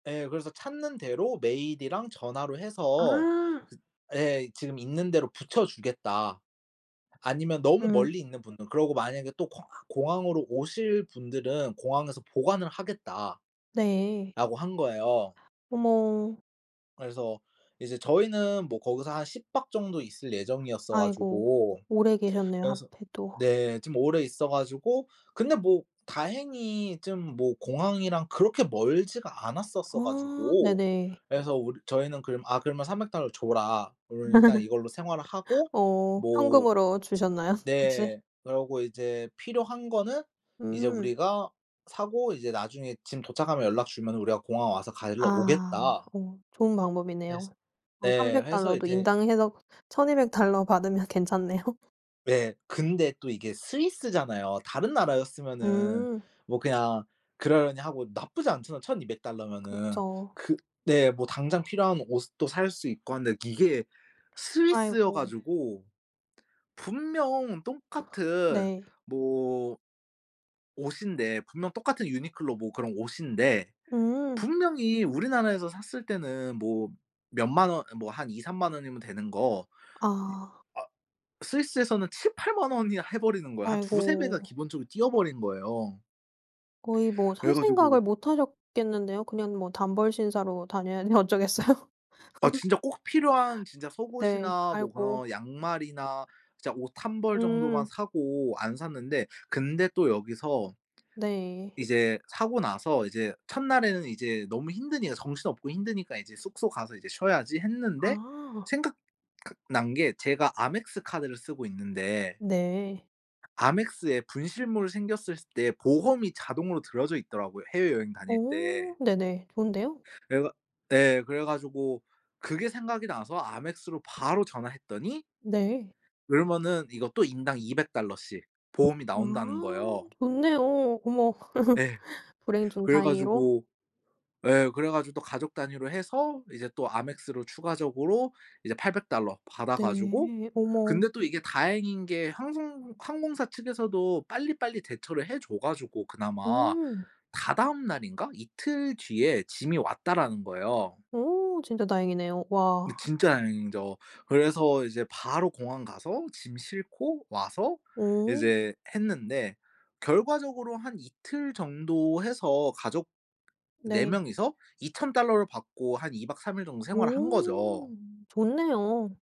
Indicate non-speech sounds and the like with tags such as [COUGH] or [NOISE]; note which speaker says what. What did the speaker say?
Speaker 1: 예 그래서 찾는 대로 메일이랑 전화로 해서
Speaker 2: 아.
Speaker 1: 그 예 "지금 있는 데로 부쳐주겠다. 아니면 너무
Speaker 2: 음.
Speaker 1: 멀리 있는 분들은 그러고 만약에 또 공아 공항으로 오실 분들은 공항에서 보관을 하겠다."라고
Speaker 2: 네.
Speaker 1: 한 거예요.
Speaker 2: 어머.
Speaker 1: 그래서 이제 저희는 뭐 거기서 한 10 박 정도 있을 예정이었어
Speaker 2: 아이고
Speaker 1: 가지고
Speaker 2: 오래 계셨네요,
Speaker 1: 그래서
Speaker 2: 하필 또.
Speaker 1: 네 좀 오래 있어 가지고 근데 뭐 다행히 쯤 뭐 공항이랑 그렇게 멀지가 않았었어
Speaker 2: 아
Speaker 1: 가지고
Speaker 2: 네네.
Speaker 1: 그래서 울 저희는 그럼 "아 그러면 300 달러를 줘라." 그러면 일단
Speaker 2: [LAUGHS]
Speaker 1: 이걸로 생활을 하고
Speaker 2: 어
Speaker 1: 뭐
Speaker 2: 현금으로 주셨나요 혹시?
Speaker 1: 네. 그러고 이제 "필요한 거는 이제
Speaker 2: 음.
Speaker 1: 우리가 사고 이제 나중에 짐 도착하면 연락 주면은 우리가 공항 와서 가지러
Speaker 2: 아
Speaker 1: 오겠다."
Speaker 2: 오 좋은 방법이네요.
Speaker 1: 해서
Speaker 2: 어
Speaker 1: 네.
Speaker 2: 300
Speaker 1: 해서
Speaker 2: 달러도
Speaker 1: 이제
Speaker 2: 인당 해서 1,200 달러 받으면 괜찮네요.
Speaker 1: 네. 근데 또 이게 스위스잖아요. 다른 나라였으면은
Speaker 2: 음.
Speaker 1: 뭐 그냥 그러려니 하고 나쁘지 않잖아요, 1,200 달러면은.
Speaker 2: 그쵸.
Speaker 1: 그 네 뭐 당장 필요한 옷도 살 수 있고 한데 이게 스위스여
Speaker 2: 아이고.
Speaker 1: 가지고 분명 똑같은
Speaker 2: 네.
Speaker 1: 뭐 옷인데, 분명 똑같은 유니클로 뭐 그런 옷인데
Speaker 2: 음.
Speaker 1: 분명히 우리나라에서 샀을 때는 뭐 몇 만 원 아 뭐 한 20,000-30,000 원이면 되는 거 이
Speaker 2: 아.
Speaker 1: 아 스위스에서는 70,000-80,000 원이나 해 버리는 거야. 한 2-3 배가
Speaker 2: 아이고.
Speaker 1: 기본적으로 뛰어 버린 거예요.
Speaker 2: 거의 뭐
Speaker 1: 그래
Speaker 2: 살 생각을
Speaker 1: 가지고
Speaker 2: 못 하셨겠는데요. 그냥 뭐 단벌 신사로 다녀야지 어쩌겠어요.
Speaker 1: 아
Speaker 2: [LAUGHS]
Speaker 1: 진짜 꼭 필요한 진짜
Speaker 2: 네.
Speaker 1: 속옷이나 뭐
Speaker 2: 아이고.
Speaker 1: 그런 양말이나 진짜 옷 1 벌 정도만
Speaker 2: 음.
Speaker 1: 사고 안 샀는데. 근데 또 여기서
Speaker 2: 네.
Speaker 1: 이제 사고 나서 이제 첫날에는 이제 너무 힘드니까 정신없고 힘드니까 이제 숙소 가서 이제 쉬어야지 했는데
Speaker 2: 아.
Speaker 1: 생각 각 난 게 제가 Amex 카드를 쓰고 있는데
Speaker 2: 네.
Speaker 1: Amex에 분실물이 생겼을 때 보험이 자동으로 들어져 있더라고요, 해외여행 다닐
Speaker 2: 어
Speaker 1: 때.
Speaker 2: 네네. 좋은데요?
Speaker 1: 그래 가 예 그래 가지고 그게 생각이 나서 Amex로 바로 전화했더니
Speaker 2: 네.
Speaker 1: 그러면은 이것도 인당 200 달러씩 보험이 나온다는
Speaker 2: 아
Speaker 1: 거예요.
Speaker 2: 좋네요. 어머. [LAUGHS]
Speaker 1: 네.
Speaker 2: 불행 중
Speaker 1: 그래
Speaker 2: 다행으로.
Speaker 1: 가지고 예 그래 가지고 또 가족 단위로 해서 이제 또 Amex로 추가적으로 이제 800 달러 받아 가지고
Speaker 2: 네. 어머.
Speaker 1: 근데 또 이게 다행인 게 항송 항공사 측에서도 빨리빨리 대처를 해 줘 가지고 그나마
Speaker 2: 음.
Speaker 1: 다다음 날인가 이틀 뒤에 짐이 왔다라는 거예요.
Speaker 2: 오 진짜 다행이네요.
Speaker 1: 네
Speaker 2: 와.
Speaker 1: 진짜 다행이죠. 그래서 이제 바로 공항 가서 짐 싣고 와서
Speaker 2: 오.
Speaker 1: 이제 했는데 결과적으로 한 이틀 정도 해서 가족 4
Speaker 2: 네.
Speaker 1: 명이서 2,000 달러를 받고 한 2 박 3 일 정도 생활을 한 거죠.
Speaker 2: 오 좋네요.